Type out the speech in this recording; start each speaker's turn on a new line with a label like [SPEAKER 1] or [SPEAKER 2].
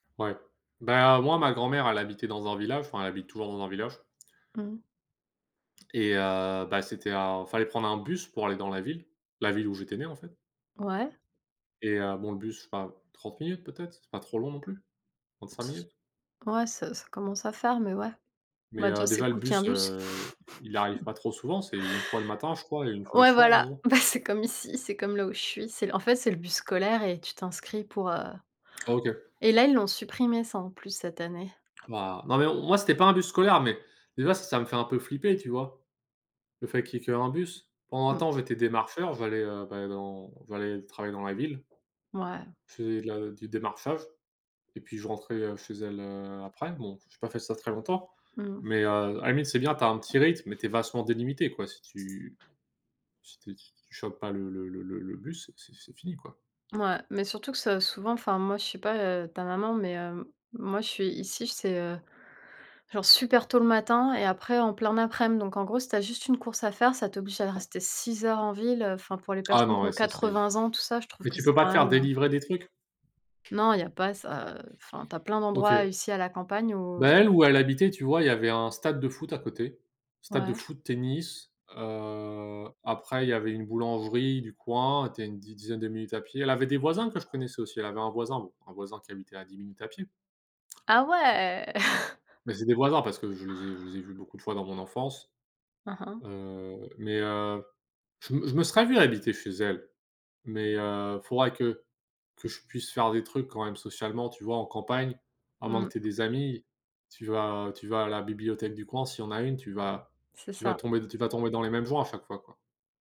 [SPEAKER 1] Ouais. Ben, moi, ma grand-mère, elle habitait dans un village. Enfin, elle habite toujours dans un village.
[SPEAKER 2] Mmh.
[SPEAKER 1] Et heu, bah, c'était un fallait prendre un bus pour aller dans la ville la ville où j'étais né, en fait.
[SPEAKER 2] Ouais.
[SPEAKER 1] Et heu, bon, le bus, je sais pas 30 minutes peut-être? C'est pas trop long, non plus, 35
[SPEAKER 2] C
[SPEAKER 1] minutes.
[SPEAKER 2] ouais, ça ça commence à faire, mais ouais.
[SPEAKER 1] Mais
[SPEAKER 2] Bah,
[SPEAKER 1] heu,
[SPEAKER 2] déjà c'est
[SPEAKER 1] déjà, le
[SPEAKER 2] cool qu'il y ait un
[SPEAKER 1] bus,
[SPEAKER 2] bus.
[SPEAKER 1] heu, il arrive pas trop souvent. C'est 1 fois le matin, je crois et 1 fois le
[SPEAKER 2] Ouais,
[SPEAKER 1] soir, en
[SPEAKER 2] voilà.
[SPEAKER 1] gros.
[SPEAKER 2] Bah, c'est comme ici, c'est comme là, où je suis, c'est en fait, c'est le bus scolaire et tu t'inscris pour, heu
[SPEAKER 1] OK.
[SPEAKER 2] et là, ils l'ont supprimé, ça, en plus, cette année.
[SPEAKER 1] Bah bah mais non, moi, c'était pas un bus scolaire, mais déjà, ç ça me fait un peu flipper, tu vois? Le fait qu'il y ait qu'1 bus. Pendant un
[SPEAKER 2] Mmh.
[SPEAKER 1] temps, j'étais démarcheur, j'allais, heu, ben, dans j'allais travailler dans la ville.
[SPEAKER 2] Ouais.
[SPEAKER 1] Je faisais de la du démarchage et puis, je rentrais, heu, chez elle, heu, après. Bon, j'ai pas fait ça très longtemps
[SPEAKER 2] Mmh mh.
[SPEAKER 1] mais heu, à la limite, c'est bien, tu as un petit rythme mais tu es vachement délimité, quoi, si tu tu si tu choppes pas le le le le le bus, c'est c'est fini, quoi.
[SPEAKER 2] Ouais, mais surtout que c'est souvent enfin, moi, je sais pas, heu, ta maman mais hem, moi, je suis ici, j c'est, heu, genre, super tôt le matin et après, en plein aprem, donc en gros, si tu as juste une course à faire, ça t'oblige à rester 6 heures en ville, heu, enfin pour les
[SPEAKER 1] Ah,
[SPEAKER 2] personnes qui
[SPEAKER 1] non,
[SPEAKER 2] ont
[SPEAKER 1] ouais, ça, c'est
[SPEAKER 2] 80 ans tout ça, je trouve
[SPEAKER 1] mais
[SPEAKER 2] que
[SPEAKER 1] tu peux
[SPEAKER 2] c'est
[SPEAKER 1] pas
[SPEAKER 2] quand
[SPEAKER 1] te
[SPEAKER 2] même,
[SPEAKER 1] faire
[SPEAKER 2] heu
[SPEAKER 1] délivrer des trucs?
[SPEAKER 2] Non, il y a pas ça, heu, enfin, tu as plein
[SPEAKER 1] OK.
[SPEAKER 2] d'endroits, ici, à la campagne
[SPEAKER 1] Bah,
[SPEAKER 2] où
[SPEAKER 1] elle, où elle habitait, tu vois? Il y avait un stade de foot à côté, stade de
[SPEAKER 2] Ouais.
[SPEAKER 1] foot, tennis, heu, après il y avait une boulangerie du coin. Tu es a une di dizaine de minutes à pied. Elle avait des voisins que je connaissais aussi. Elle avait un voisin, bon, un voisin qui habitait à 10 minutes à pied.
[SPEAKER 2] Ah
[SPEAKER 1] M
[SPEAKER 2] ouais!
[SPEAKER 1] mais c'est des voisins parce que je les ai je les ai vus beaucoup de fois dans mon enfance.
[SPEAKER 2] Hein, hein.
[SPEAKER 1] Heu, mais heu, je m je me serais vu habiter chez elle mais heu, faudrait que que je puisse faire des trucs, quand même, socialement, tu vois? En campagne, à moins
[SPEAKER 2] Mmh.
[SPEAKER 1] que tu aies des amis, tu vas tu vas à la bibliothèque du coin, s'il y en a une, tu vas
[SPEAKER 2] C'est
[SPEAKER 1] tu vas
[SPEAKER 2] ça.
[SPEAKER 1] tomber tu vas tomber dans les mêmes joints, à chaque fois, quoi.